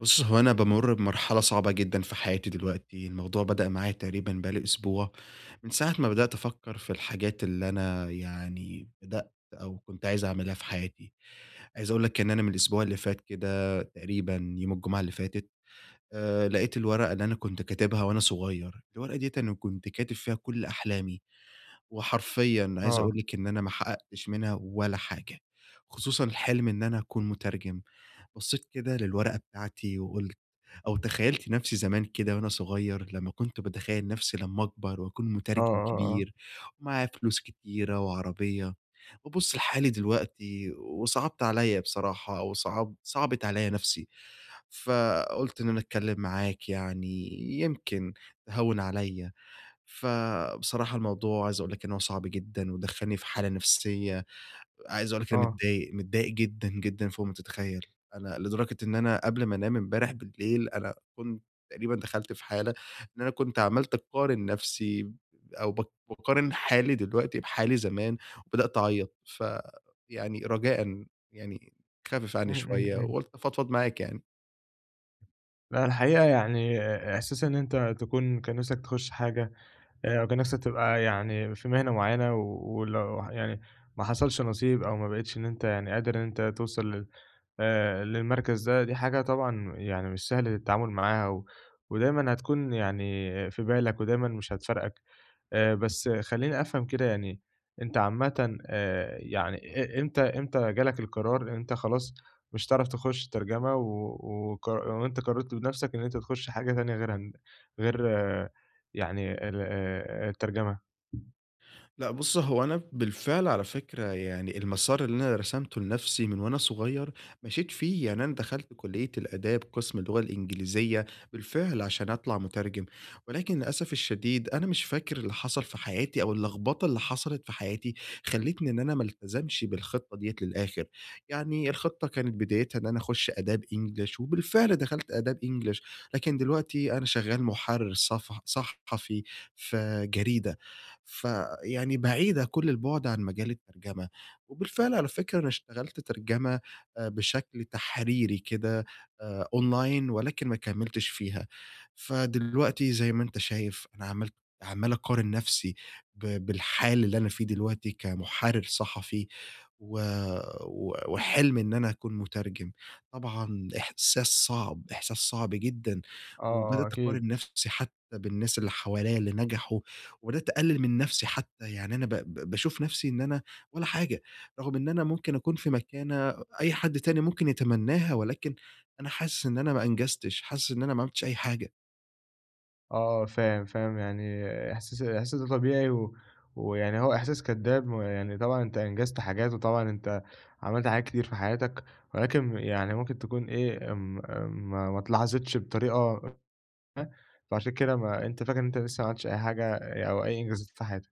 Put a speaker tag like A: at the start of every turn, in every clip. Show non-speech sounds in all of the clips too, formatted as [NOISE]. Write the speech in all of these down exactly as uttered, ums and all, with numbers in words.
A: بُص هو أنا بامر بمرحلة صعبة جدًا في حياتي دلوقتي، الموضوع بدأ معايا تقريبًا بقى لي أسبوع، من ساعة ما بدأت أفكر في الحاجات اللي أنا يعني بدأت أو كنت عايز أعملها في حياتي، عايز أقول لك إن أنا من الأسبوع اللي فات كده تقريبًا يوم الجمعة اللي فاتت آآ، لقيت الورقة اللي أنا كنت كاتبها وأنا صغير، الورقة ديّة أنا كنت كاتب فيها كل أحلامي، وحرفيًا عايز
B: آه.
A: أقول لك إن أنا ما حققتش منها ولا حاجة، خصوصًا الحلم إن أنا أكون مترجم. بصيت كده للورقة بتاعتي وقلت أو تخيلت نفسي زمان كده وأنا صغير لما كنت باتخيل نفسي لما أكبر، وأكون
B: آه،
A: مترجم
B: آه، آه.
A: كبير ومعايا فلوس كتيرة وعربية، وأبص لحالي دلوقتي وصعبت عليَّ بصراحة، وصعب صعبت عليَّ نفسي، فقلت إن أنا أتكلم معاك يعني، يمكن تهوِّن عليَّ ف بصراحة الموضوع عايز أقول لك إن هو صعب جدًا، ودخلني في حالة نفسية، عايز أقول لك أنا
B: آه.
A: متضايق، متضايق جدًا، جدًا فوق ما تتخيل. أنا لدرجة إن أنا قبل ما أنام إمبارح بالليل أنا كنت تقريبًا دخلت في حالة إن أنا كنت عملت أقارن نفسي أو ب باقارن حالي دلوقتي بحالي زمان، وبدأت أعيط ف يعني رجاءً يعني خفف عني
B: إمم، إمم،
A: شوية
B: إمم.
A: وقلت أفضفض معاك يعني.
B: لأ، الحقيقة يعني إحساس إن أنت تكون كان نفسك تخش حاجة أو كان نفسك تبقى يعني في مهنة معيّنة، ولو يعني ما حصلش نصيب أو ما بقيتش إن أنت يعني قادر إن أنت توصل لل آآ، للمركز ده دي حاجة طبعًا يعني مش سهل التعامل معاها، و ودايمًا هتكون يعني في بالك ودايمًا مش هتفارقك. آآ، بس خلّيني أفهم كده يعني أنت عامةً آآ، يعني إ إمتى إمتى جالك القرار أنت خلاص مش هتعرف تخش الترجمة، و وقر وأنت قررت بنفسك إن أنت تخش حاجة تانية غيرها غير يعني ال آآ، الترجمة.
A: لأ، بُص هو أنا بالفعل على فكرة يعني المسار اللي أنا رسمته لنفسي من وأنا صغيّر مشيت فيه، يعني أنا دخلت كلية الآداب قسم اللغة الإنجليزية بالفعل عشان أطلع مترجم، ولكن للأسف الشديد أنا مش فاكر اللي حصل في حياتي أو اللخبطة اللي حصلت في حياتي، خليتني إن أنا ما التزمش بالخطّة دِيَّة للآخر، يعني الخطّة كانت بدايتها إن أنا أخش أداب إنجلش، وبالفعل دخلت أداب إنجلش لكن دلوقتي أنا شغّال محرر صفح صحفي في جريدة، فيعني بعيدة كل البعد عن مجال الترجمة، وبالفعل على فكرة أنا اشتغلت ترجمة آآ بشكل تحريري كده آآ، أونلاين ولكن ما كملتش فيها، فدلوقتي زي ما أنت شايف أنا عملت عمّال اقارن نفسي ب بالحال اللي أنا فيه دلوقتي كمحرر صحفي و و وحلم إن أنا أكون مترجم، طبعًا إحساس صعب، إحساس صعب جدًا،
B: آه، آه،
A: وبدأت اقارن
B: أكيد
A: نفسي حتّى بالناس اللي حواليّ اللي نجحوا، وبدأت أقلل من نفسي حتّى، يعني أنا ب ب باشوف نفسي إن أنا والّا حاجة رغم إن أنا ممكن أكون في مكانة أي حد تاني ممكن يتمناها، ولكن أنا حاسس إن أنا ما أنجزتش، حاسس إن أنا ما عملتش أي حاجة.
B: آه فاهم، فاهم، يعني إحساس الإحساس ده طبيعي و ويعني هو إحساس كدّاب، ما هو يعني طبعًا أنت أنجزت حاجات، وطبعًا أنت عملت حاجات كتير في حياتك، ولكن يعني ممكن تكون إيه امم، امم ما اتلاحظتش بطريقة [UNINTELLIGIBLE] فعشان كده ما أنت فاكر إن أنت لسه ما عملتش أي حاجة، أو أي إنجازات في حياتك.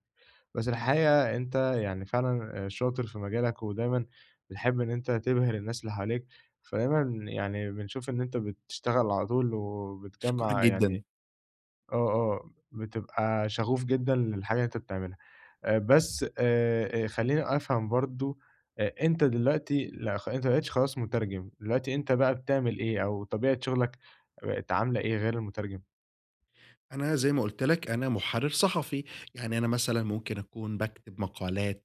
B: بس الحقيقة أنت يعني فعلًا شاطر في مجالك، ودايمًا بتحب إن أنت تبهر الناس اللي حواليك، فدايمًا يعني بنشوف إن أنت بتشتغل على طول،
A: أشكرك
B: وبتجمّع
A: جدًا.
B: يعني آه، آه، بتبقى شَغُوف جدًا للحاجة اللي أنت بتعملها. آآ بس آآ خلّيني أفهم برضه، أ أنت دلوقتي لأ خ أنت ما بقيتش خلاص مُترجم دلوقتي، أنت بقى بتعمل إيه، أو طبيعة شغلك بقت عاملة إيه غير المُترجم؟
A: أنا زي ما قُلت لك أنا مُحرِّر صحفي، يعني أنا مثلًا ممكن أكون باكتب مقالات،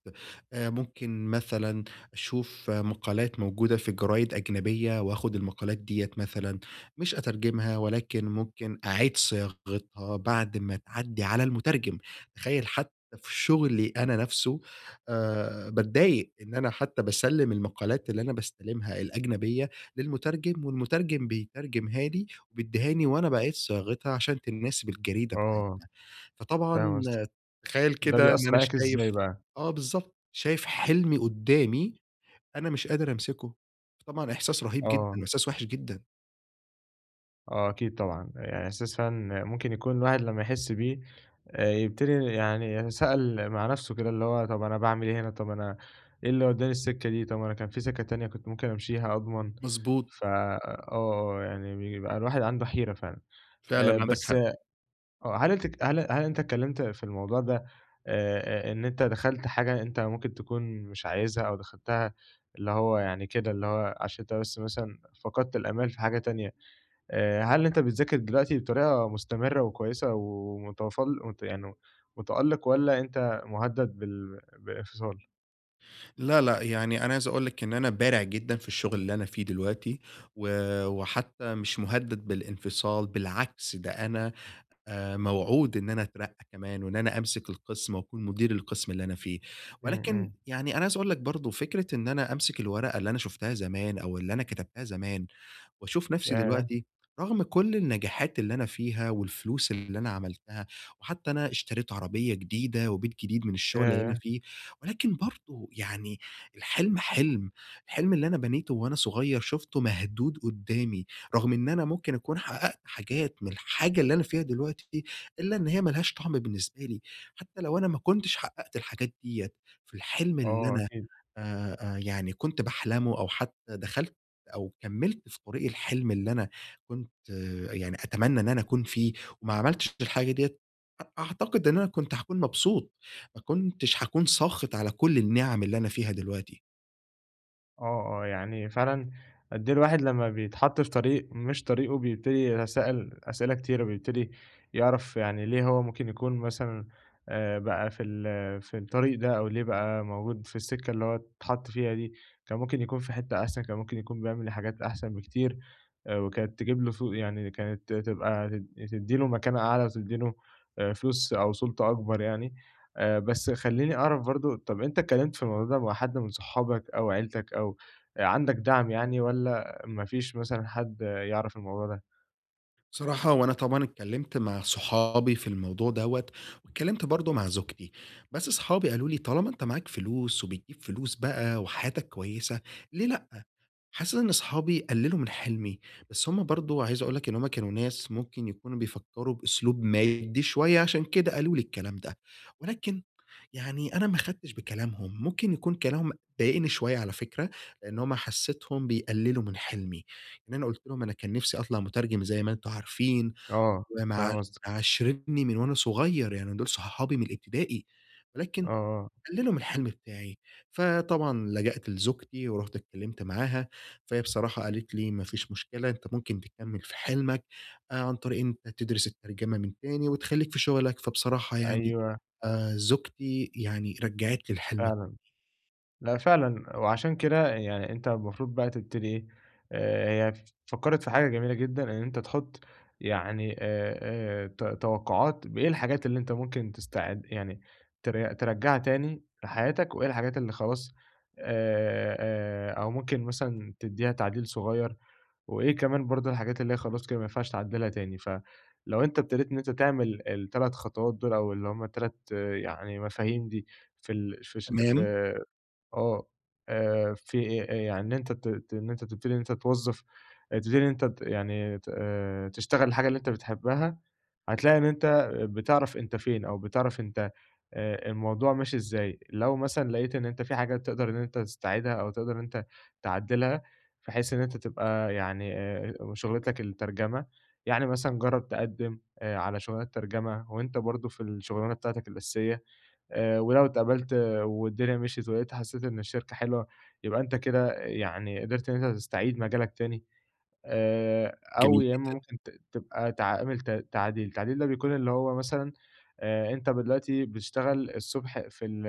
A: آآ ممكن مثلًا أشوف مقالات موجودة في جرايد أجنبية، وآخد المقالات ديّة مثلًا، مش أترجمها، ولكن ممكن أعيد صياغتها بعد ما تعدّي على المُترجم، تخيّل حتى في شُغلي أنا نفسه آآ باتضايق إن أنا حتى باسلّم المقالات اللي أنا باستلمها الأجنبية للمُترجم، والمتُرجم بيترجمها لي وبيدّهاني، وأنا باعيد صياغتها، عشان تناسب الجريدة
B: آه.
A: بتاعتنا، فطبعًا
B: فاهم قصدك،
A: تخيّل
B: ده
A: كده إن
B: بيأثّر
A: أنا
B: عليك إزاي
A: شايف
B: بقى؟
A: آه بالضبط، شايف حلمي قُدامي، أنا مش قادر أمسكه، فطبعًا إحساس رهيب جدًا،
B: آه.
A: وإحساس وحش جدًا.
B: آه، أكيد طبعًا، يعني إحساس فعلًا ممكن يكون الواحد لما يحس بيه، يبتدي يعني سأل مع نفسه كده اللي هو طب أنا باعمل إيه هنا؟ طب أنا إيه اللي ودَّاني السكة دي؟ طب ما أنا كان في سكة تانية كنت ممكن أمشيها أضمن؟
A: مضبوط.
B: ف آه، يعني بيبقى الواحد عنده حيرة فعلًا آآ،
A: فعلًا، عندك
B: بس
A: حق.
B: آه، هل هل هل أنت اتكلمت في الموضوع ده آآ، إن أنت دخلت حاجة أنت ممكن تكون مش عايزها أو دخلتها اللي هو يعني كده اللي هو عشان أنت بس مثلًا فقدت الآمال في حاجة تانية، آآ، هل أنت بتذاكر دلوقتي بطريقة مستمرة وكويسة ومتفل يعني متألق والّا أنت مهدد بال بالإنفصال؟
A: لا، لا، يعني أنا عايز أقول لك إن أنا بارع جدًا في الشغل اللي أنا فيه دلوقتي، و وحتى مش مهدد بالانفصال بالعكس ده أنا آآ، موعود إن أنا أترقى كمان، وإن أنا أمسك القسم وأكون مدير القسم اللي أنا فيه،
B: إمم،
A: ولكن
B: إمم.
A: يعني أنا عايز أقول لك برضو فكرة إن أنا أمسك الورقة اللي أنا شفتها زمان أو اللي أنا كتبتها زمان وأشوف نفسي
B: ياه!
A: دلوقتي رغم كل النجاحات اللي أنا فيها والفلوس اللي أنا عملتها، وحتى أنا اشتريت عربية جديدة وبيت جديد من الشغل اللي أنا
B: ياه!
A: فيه، ولكن برضو يعني الحلم حلم، الحلم اللي أنا بنيته وأنا صغير شفته مهدود قدامي، رغم إن أنا ممكن أكون حققت حاجات من الحاجة اللي أنا فيها دلوقتي، إلا إن هي ما لهاش طعم بالنسبة لي حتى لو أنا ما كنتش حققت الحاجات ديّة في الحلم اللي
B: آه،
A: أنا
B: أكيد.
A: آآ، يعني كنت باحلمه أو حتى دخلت أو كمِّلت في طريق الحلم اللي أنا كنت يعني أتمنى إن أنا أكون فيه وما عملتش الحاجة ديّة، أعتقد إن أنا كنت هاكون مبسوط، ما كنتش هاكون ساخط على كل النعم اللي أنا فيها دلوقتي.
B: آه، آه، يعني فعلًا أد إيه الواحد لمّا بيتحط في طريق مش طريقه، بيبتدي يتسائل أسئلة كتيرة، بيبتدي يعرف يعني ليه هو ممكن يكون مثلًا آآ، بقى في ال في الطريق ده أو ليه بقى موجود في السكة اللي هو أتحط فيها دي، كان ممكن يكون في حتّة أحسن، كان ممكن يكون بيعمل حاجات أحسن بكتير وكانت تجيب له س يعني كانت تبقى ت تدّي له مكانة أعلى وتدّي له فلوس أو سلطة أكبر يعني آآ، بس خلّيني أعرف برضو طب أنت أتكلمت في الموضوع ده مع حد من صحابك أو عيلتك أو عندك دعم يعني والّا ما فيش مثلًا حد يعرف الموضوع ده؟
A: صراحة وأنا طبعًا اتكلّمت مع صحابي في الموضوع دّوة، واتكلّمت برضو مع زوجتي، بس صحابي قالو لي: "طالما أنت معاك فلوس وبتجيب فلوس بقى وحياتك كويّسة ليه لأ؟" حاسس إن أصحابي قللوا من حلمي، بس هم برضو عايز أقول لك إن هم كانوا ناس ممكن يكونوا بيفكروا بأسلوب مادي شويّة عشان كده قالو لي الكلام، ده ولكن يعني أنا ما أخدتش بكلامهم ممكن يكون كلامهم ضايقني شويّة على فكرة، لأن هم حسيتهم بيقللوا من حلمي، إن أنا قلت لهم أنا كان نفسي أطلع مترجم زي ما أنتم عارفين
B: آه،
A: ومع
B: فاهم قصدك.
A: معاشرني من وأنا صغيّر يعني دول صحابي من الإبتدائي،
B: آه،
A: ولكن
B: آه.
A: قللوا من الحلم بتاعي، فطبعًا لجأت لزوجتي ورُحت اتكلّمت معاها، فهي بصراحة قالت لي: "ما فيش مشكلة أنت ممكن تكمل في حلمك آآ، عن طريق إن أنت تدرس الترجمة من تاني وتخليك في شغلك،" فبصراحة يعني
B: أيوه.
A: آآ، زوجتي يعني رجعت لي الحلم
B: فعلًا، لأ فعلًا، وعشان كده يعني أنت المفروض بقى تبتدي إيه آآ، هي فكّرِت في حاجة جميلة جدًا إن أنت تحط يعني آآ، آآ، ت توقعات بإيه الحاجات اللي أنت ممكن تستعد يعني ت ترجعها تاني لحياتك وإيه الحاجات اللي خلاص، آآ، آآ، أو ممكن مثلًا تديها تعديل صغيّر، وإيه كمان برضو الحاجات اللي هي خلاص كده ما ينفعش تعدلها تاني، ف لو أنت أبتديت إن أنت تعمل التَلَت خطوات دول أو اللي هم تَلَت يعني مفاهيم دي في ال فش ف
A: تمام.
B: آه، آآ، في يعني أنت ت إن أنت تبتدي إن أنت توظف تبتدي إن أنت يعني آآ، تشتغل الحاجة اللي أنت بتحبها، هتلاقي إن أنت بتعرف أنت فين أو بتعرف أنت آآ، الموضوع ماشي إزاي، لو مثلًا لقيت إن أنت في حاجات تقدر إن أنت تستعيدها أو تقدر إن أنت تعدلها، بحيث إن أنت تبقى يعني آآ، شغلتك الترجمة، يعني مثلًا جرّب تقدّم، آآ، على شغلانات ترجمة، وأنت برضو في الشغلانة بتاعتك الأساسية آآ، ولو اتقبلت والدنيا مشيت ولقيتها حسّيت إن الشركة حلوة، يبقى أنت كده يعني قدرت إن أنت تستعيد مجالك تاني آآ،
A: جميل
B: أو يا إمّا
A: جدًا.
B: ممكن ت تبقى تعامل ت تعديل، تعديل ده بيكون اللي هو مثلًا آآ، أنت دلوقتي بتشتغل الصبح في ال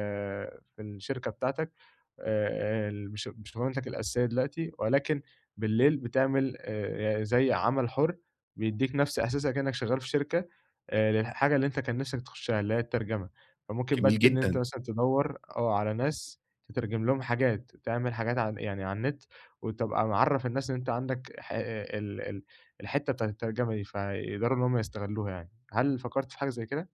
B: في الشركة بتاعتك آآ، [UNINTELLIGIBLE] شغلانتك الأساسية دلوقتي ولكن بالليل بتعمل آآ، زي عمل حُر بيدّيك نفس أحساسك كإنك شغّال في شركة آآ، الحاجة اللي أنت كان نفسك تخشها اللي هي الترجمة، فممكن
A: جميل
B: بت إن أنت
A: جدًا.
B: مثلًا تدوّر، آه على ناس تترجم لهم حاجات تعمل حاجات ع يعني على النت، وتبقى معرف الناس إن أنت عندك ح ال ال الحتّة بتاعة الترجمة دي فيقدروا إن هم يستغلوها يعني، هل فكرت في حاجة زي كده؟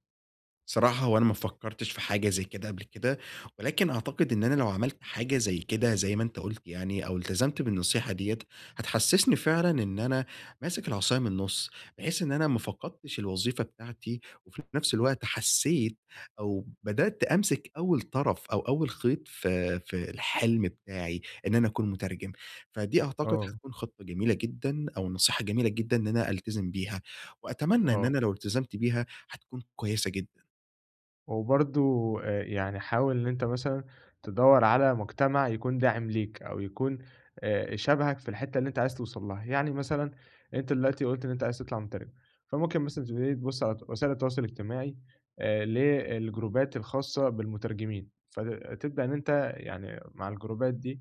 A: صراحة هو أنا ما فكرتش في حاجة زي كده قبل كده، ولكن أعتقد إن أنا لو عملت حاجة زي كده زي ما أنت قُلت يعني أو التزمت بالنصيحة ديّة، هتحسسني فعلًا إن أنا ماسك العصاية من النص، بحيث إن أنا ما فقدتش الوظيفة بتاعتي، وفي نفس الوقت حسّيت أو بدأت أمسك أوّل طرف أو أوّل خيط في في الحلم بتاعي، إن أنا أكون مترجم. فدي أعتقد
B: آه.
A: حتكون خطّة جميلة جدًا أو نصيحة جميلة جدًا إن أنا ألتزم بيها، وأتمنى إن
B: آه.
A: أنا لو التزمت بيها هتكون كويّسة جدًا.
B: وبرضو آآ، يعني حاول إن أنت مثلًا تدوَّر على مجتمع يكون داعم ليك، أو يكون آآ، شبهك في الحتّة اللي أنت عايز توصل لها. يعني مثلًا أنت دلوقتي قُلت إن أنت عايز تطلع مترجم، فممكن مثلًا تبتدي تبص على وسائل التواصل الاجتماعي آآ، ل الجروبات الخاصة بالمترجمين، فتبدأ إن أنت يعني مع الجروبات دي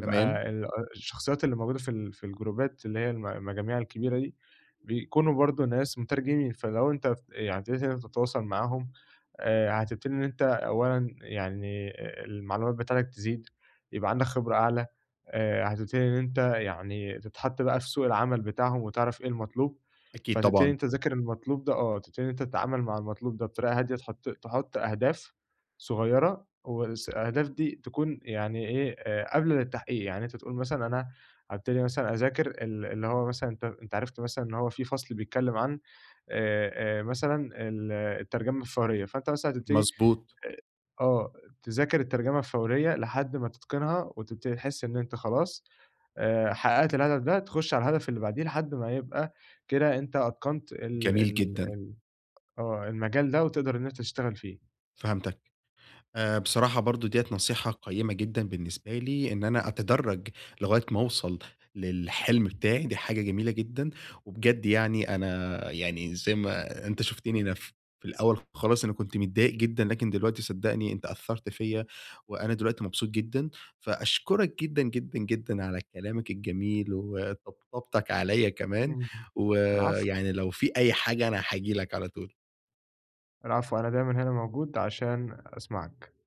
A: تمام.
B: ال الشخصيّات اللي موجودة في ال في الجروبات اللي هي الم المجاميع الكبيرة دي، بيكونوا برضو ناس مترجمين فلو أنت يعني ابتديت إن أنت تتواصل معاهم، آآ، هتبتدي إن أنت أولًا يعني المعلومات بتاعتك تزيد يبقى عندك خبرة أعلى آآ، هتبتدي إن أنت يعني تتحط بقى في سوق العمل بتاعهم وتعرف إيه المطلوب،
A: أكيد
B: فتبتدي إن
A: طبعًا
B: أنت تذاكر المطلوب ده، آه، تبتدي إن أنت تتعامل مع المطلوب ده بطريقة هادية تحط تحط أهداف صغيّرة وس الأهداف دي تكون يعني إيه قابلة للتحقيق. يعني أنت تقول مثلًا أنا هابتدي مثلًا أذاكر ال اللي هو مثلًا أنت عرفت مثلًا إن هو في فصل بيتكلّم عن آآ، آآ، مثلًا ال الترجمة الفورية، فأنت مثلًا هاتبتدي
A: مضبوط.
B: آآ، آه، تذاكر الترجمة الفورية لحد ما تتقنها وتبتدي تحس إن أنت خلاص آآ، حققت الهدف ده، تخش على الهدف اللي بعديه لحد ما يبقى كده أنت أتقنت ال
A: جميل
B: ال
A: جدًا.
B: ال آه، المجال ده وتقدر إن أنت تشتغل فيه.
A: فهمتك. آآ، بصراحة برضه ديّة نصيحة قيّمة جدًا بالنسبة لي، إن أنا أتدرج لغاية ما اوصل للحلم بتاعي دي حاجة جميلة جدًا. وبجد يعني أنا يعني زي ما أنت شفتني أنا في الأول خالص أنا كنت متضايق جدًا، لكن دلوقتي صدقني أنت أثّرت فيَّ، وأنا دلوقتي مبسوط جدًا. فأشكرك جدًا، جدًا، جدًا، على كلامك الجميل وطبطبتك عليَّ كمان،
B: إمم. العفو.
A: ويعني لو في أي حاجة أنا هاجي لك على طول.
B: العفو، أنا دايمًا هنا موجود عشان أسمعك.